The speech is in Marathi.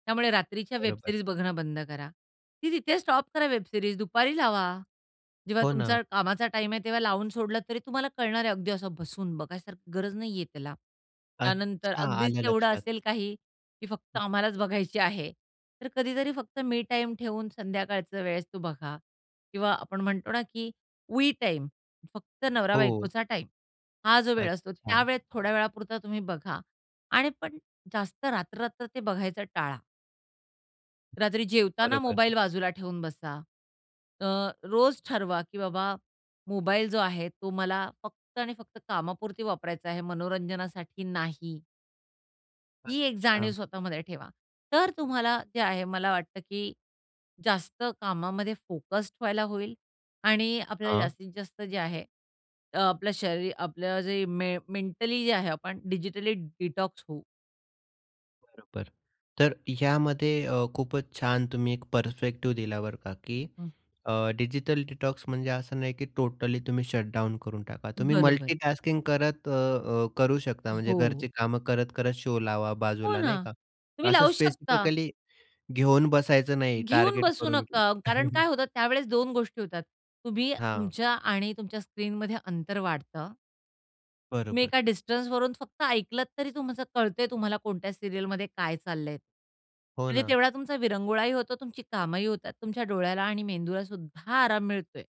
त्यामुळे रात्रीच्या वेब बरोबर. सिरीज बघणं बंद करा. ती तिथेच स्टॉप करा वेब सिरीज, दुपारी लावा. जेव्हा हो ना. तुमचा कामाचा टाईम आहे, तेव्हा लावून सोडला, तरी तुम्हाला कळणार आहे. अगदी असं बसून बघायसारखी गरज नाही आहे त्याला. त्यानंतर अच्छा, अगदीच आलं तेवढं लक्षात. असेल काही, की फक्त हं. आम्हालाच बघायची आहे. तर कधीतरी फक्त मी टाईम ठेवून संध्याकाळचं वेळेस तो बघा किंवा आपण म्हणतो ना, की वी टाईम. फक्त हो. नवरा-बायकोचा टाईम. हा जो वेळ असतो अच्छा. त्यावेळेत थोड्या वेळापुरता तुम्ही बघा आणि पण जास्त रात्र-रात्र ते बघायचा टाळा. हं, रात्री जेवताना बरोबर. मोबाईल बाजूला ठेवून बसा. अ, रोज ठरवा, की बाबा मोबाईल जो आहे, तो मला फक्त आणि फक्त कामापुरती वापरायचा आहे, मनोरंजनासाठी नाही. ही एक जाणीव अच्छा. स्वतःमध्ये ठेवा. तर अतुम्हाला जे आहे मला वाटतं की जास्त कामामध्ये फोकस्ड व्हायला होईल आणि आपल्याला हां. जास्तीत जास्त जे आहे अ, आपलं शरीर. आपलं जे मे मेंटली जे आहे, आपण डिजिटली डिटॉक्स होऊ. बरोबर. तर यामध्ये अ, खूपच छान तुम्ही एक पर्स्पेक्टिव्ह दिला बरं का? की हं अ, डिजिटल डिटॉक्स म्हणजे असं नाही की टोटली तुम्ही शट डाउन करून टाका. तुम्ही बरोबर. मल्टी टास्किंग करत अ, अ, करू शकता. म्हणजे हो. घरची कामं करत, करत शो लावा हो बाजूला नाही ना. का? तुम्ही असं लावू शकता. स्पेसिफिकली घेऊन बसायचं नाही घेऊन टार्गेट बसू करून की नका. कारण काय होतं त्यावेळेस 2 गोष्टी होतात. तुम्ही हां. तुमच्या आणि तुमच्या स्क्रीनमध्ये अंतर वाढतं. तुम्ही बरोबर. एका डिस्टन्सवरून फक्त ऐकलत तरी तुमचं कळतं आहे. तुम्हाला कोणत्या सीरियलमध्ये काय चाललं आहे. हो म्हणजे ना. तेवढा तुमचा विरंगुळाही होतो, तुमची कामंही होतात, तुमच्या डोळ्याला आणि मेंदूला सुद्धा आराम मिळतो आहे.